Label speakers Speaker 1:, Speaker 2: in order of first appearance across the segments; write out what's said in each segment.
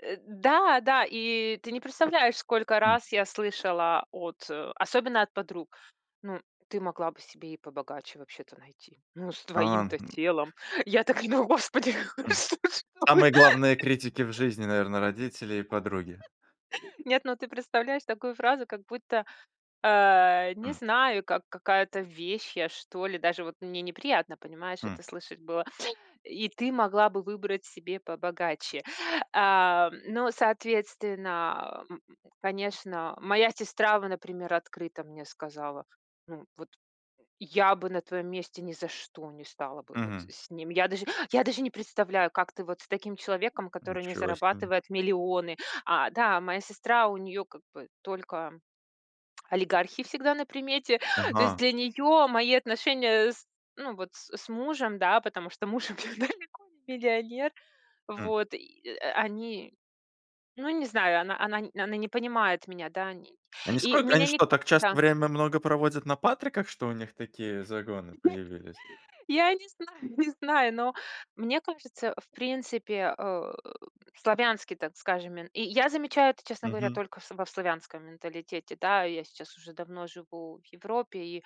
Speaker 1: Э, да да, и ты не представляешь, сколько раз я слышала от особенно от подруг. Ну, ты могла бы себе и побогаче вообще-то найти. Ну, с
Speaker 2: А.
Speaker 1: твоим-то телом. Я так и говорю: "Господи!"
Speaker 2: Самые главные критики в жизни,
Speaker 1: [unintelligible]
Speaker 2: наверно, родители и подруги.
Speaker 1: Нет, ну ты представляешь такую фразу, как будто, а, не
Speaker 2: Хм.
Speaker 1: знаю, как какая-то вещь я, что ли. Даже вот мне неприятно, понимаешь,
Speaker 2: М.
Speaker 1: это слышать было: "И ты могла бы выбрать себе побогаче". А, но, соответственно, а, Конечно, моя сестра, во например, открыто мне сказала, ну вот: "Я бы на твоём месте ни за что не стала бы вот
Speaker 2: Мгм.
Speaker 1: с ним". Я даже я даже не представляю, как ты вот с таким человеком, который не
Speaker 2: Ничего себе.
Speaker 1: зарабатывает миллионы. А, да, моя сестра, у неё как бы только олигархи всегда на примете. То есть
Speaker 2: Ага.
Speaker 1: для неё мои отношения с ну вот с с мужем, да, потому что муж у меня далеко не миллионер.
Speaker 2: М.
Speaker 1: Вот, и, а, э, они, ну не знаю, она она она не понимает меня, да. И
Speaker 2: Они
Speaker 1: не и
Speaker 2: сколько
Speaker 1: меня
Speaker 2: они
Speaker 1: ни
Speaker 2: что, так часто
Speaker 1: да.
Speaker 2: время много проводят на Патриках, что у них такие загоны появились?
Speaker 1: Я не знаю не знаю, но мне кажется, в принципе, а, э, славянский, так скажем, мен и я замечаю это, честно говоря,
Speaker 2: Мгм.
Speaker 1: только во в славянском менталитете. Да, я сейчас уже давно живу в Европе, и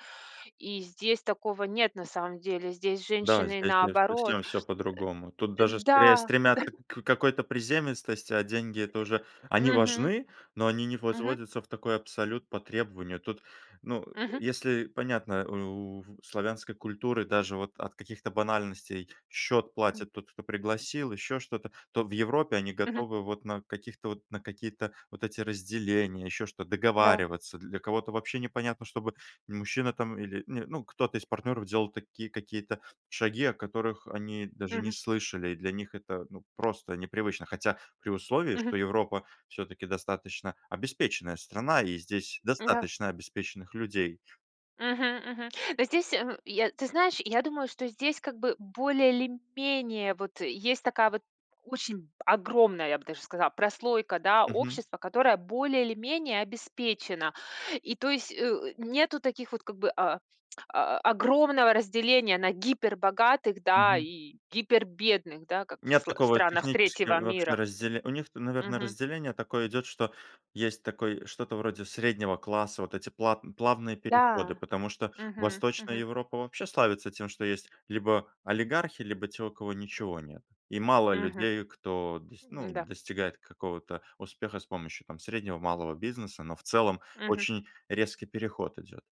Speaker 1: и здесь такого нет на самом деле. Здесь
Speaker 2: Да,
Speaker 1: женщины
Speaker 2: здесь, конечно,
Speaker 1: наоборот
Speaker 2: совсем всё по-другому. Тут
Speaker 1: Э,
Speaker 2: даже скорее
Speaker 1: да да.
Speaker 2: стремятся к какой-то приземистости, а деньги- это уже они
Speaker 1: Мгм.
Speaker 2: важны, но они не
Speaker 1: Мгм.
Speaker 2: возводятся в такой абсолют по требованию. Тут, ну,
Speaker 1: Мгм.
Speaker 2: если понятно, у у славянской культуры даже вот от каких-то банальностей: счет платит тот, кто пригласил, еще что-то- то в Европе они
Speaker 1: Мгм.
Speaker 2: готовы вот на каких-то вот на какие-то вот эти разделения, еще что,
Speaker 1: Да.
Speaker 2: договариваться. Для кого-то вообще непонятно, чтобы мужчина там или, не ну, кто-то из партнеров делал такие какие-то шаги, о которых они даже не
Speaker 1: Мгм.
Speaker 2: слышали. Для них это, ну, просто непривычно. Хотя при условии,
Speaker 1: Мгм.
Speaker 2: что Европа всё-таки достаточно обеспеченная страна и здесь
Speaker 1: Да.
Speaker 2: достаточно обеспеченных людей.
Speaker 1: Мгм, мгм. Но здесь мгм, я, ты знаешь, я думаю, что здесь, как бы, более или менее вот есть такая вот очень огромная, я бы даже сказала, прослойка, да,
Speaker 2: Мгм.
Speaker 1: общества, которая более или менее обеспечена. И то есть, э, у нету таких вот, как бы, а, а, огромного разделения на гипербогатых, да,
Speaker 2: Мгм.
Speaker 1: и гипербедных, да, как в
Speaker 2: Нет
Speaker 1: сл в
Speaker 2: такого
Speaker 1: странах
Speaker 2: технически
Speaker 1: третьего
Speaker 2: вообще
Speaker 1: мира.
Speaker 2: разделе у них-то, наверное,
Speaker 1: Мгм.
Speaker 2: разделение такое идет, что есть такой, что-то вроде среднего класса, вот эти плат плавные переходы,
Speaker 1: Да.
Speaker 2: потому что
Speaker 1: Мгм,
Speaker 2: Восточная
Speaker 1: мгм.
Speaker 2: Европа вообще славится тем, что есть либо олигархи, либо те, у кого ничего нет. И мало
Speaker 1: Мгм.
Speaker 2: людей, кто дос ну,
Speaker 1: М-да.
Speaker 2: достигает какого-то успеха с помощью, там, среднего и малого бизнеса, но в целом
Speaker 1: Мгм.
Speaker 2: очень резкий переход идет.